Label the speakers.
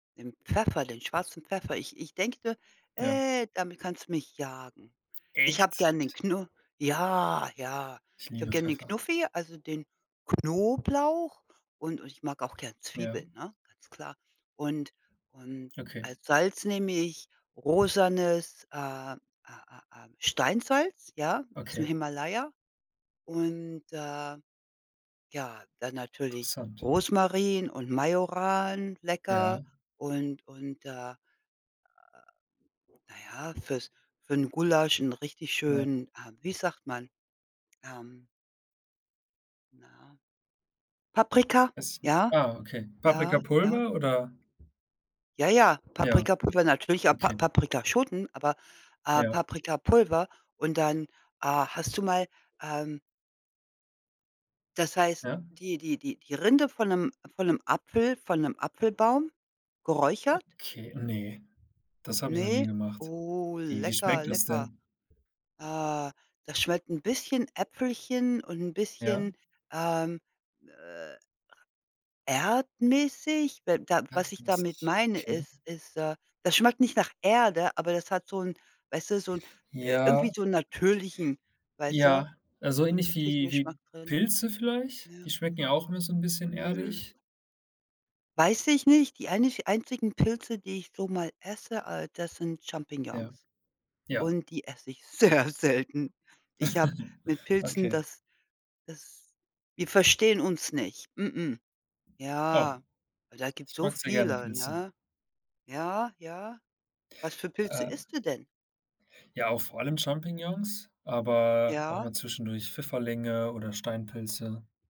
Speaker 1: Den Pfeffer, den schwarzen Pfeffer. Ich ich denke,
Speaker 2: Ja.
Speaker 1: äh, damit kannst du mich jagen. Ich habe
Speaker 2: Echt?
Speaker 1: gern den Knu ja, ja.
Speaker 2: Ich
Speaker 1: Ich habe
Speaker 2: liebe
Speaker 1: gern den
Speaker 2: Pfeffer.
Speaker 1: Knuffi, also den Knoblauch und und ich mag auch gern
Speaker 2: Ja.
Speaker 1: Zwiebeln, ne, ganz klar. Und und
Speaker 2: Okay.
Speaker 1: als Salz nehme ich rosanes, äh äh äh äh, Steinsalz, ja, ausm
Speaker 2: Okay.
Speaker 1: Himalaya. Und, äh, ja, dann natürlich
Speaker 2: Interessant.
Speaker 1: Rosmarin und Majoran, lecker.
Speaker 2: Ja.
Speaker 1: Und und, äh, na ja, fürs für 'n Gulasch 'n richtig
Speaker 2: Ja.
Speaker 1: schön äh, wie sagt man, ähm na, Paprika.
Speaker 2: Es
Speaker 1: Ja,
Speaker 2: ah, okay,
Speaker 1: ja, ja.
Speaker 2: Paprikapulver oder?
Speaker 1: Ja, ja,
Speaker 2: Ja.
Speaker 1: Paprikapulver natürlich, auch Pa
Speaker 2: Okay.
Speaker 1: Paprikaschoten, aber, äh,
Speaker 2: Ja.
Speaker 1: Paprikapulver und dann, ah, hast du mal, ähm das heißt,
Speaker 2: Ja.
Speaker 1: die die die die Rinde von 'nem von 'nem Apfel von 'nem Apfelbaum geräuchert?
Speaker 2: Okay, ne, das habe ich noch nie
Speaker 1: Ne,
Speaker 2: gemacht.
Speaker 1: oh,
Speaker 2: Wie wie
Speaker 1: lecker,
Speaker 2: schmeckt das
Speaker 1: lecker.
Speaker 2: denn?
Speaker 1: Äh, das schmeckt 'n bisschen Äpfelchen und 'n
Speaker 2: Ja.
Speaker 1: bisschen, ähm, äh, erdmäßig, weil da was ich damit
Speaker 2: Erdmäßig,
Speaker 1: meine,
Speaker 2: okay.
Speaker 1: ist ist, äh, das schmeckt nicht nach Erde, aber das hat so 'n weißt du, so 'n, äh, irgendwie
Speaker 2: Ja.
Speaker 1: so 'n natürlichen weißt du,
Speaker 2: Ja, na, so
Speaker 1: so 'n
Speaker 2: ähnlich
Speaker 1: natürlichen
Speaker 2: wie wie
Speaker 1: Geschmack drin.
Speaker 2: Pilze vielleicht? Die
Speaker 1: Ja.
Speaker 2: schmecken ja auch immer so 'n bisschen
Speaker 1: Nö.
Speaker 2: erdig.
Speaker 1: Weiß ich nicht. Die einich einzigen Pilze, die ich so mal esse, äh, das sind
Speaker 2: Ja,
Speaker 1: Champignons.
Speaker 2: ja.
Speaker 1: Und die esse ich sehr selten. Ich habe mit Pilzen,
Speaker 2: Okay.
Speaker 1: das das wir verstehen uns nicht. Mh-mh.
Speaker 2: Oh,
Speaker 1: Ja, aber da gibt's
Speaker 2: ich
Speaker 1: so
Speaker 2: mag sehr gerne
Speaker 1: viele,
Speaker 2: Pilze.
Speaker 1: ne? Ja, ja. Was für Pilze
Speaker 2: Äh
Speaker 1: isst du denn?
Speaker 2: Ja, auch vor allem Champignons, aber auch
Speaker 1: Ja.
Speaker 2: mal zwischendurch Pfifferlinge oder Steinpilze.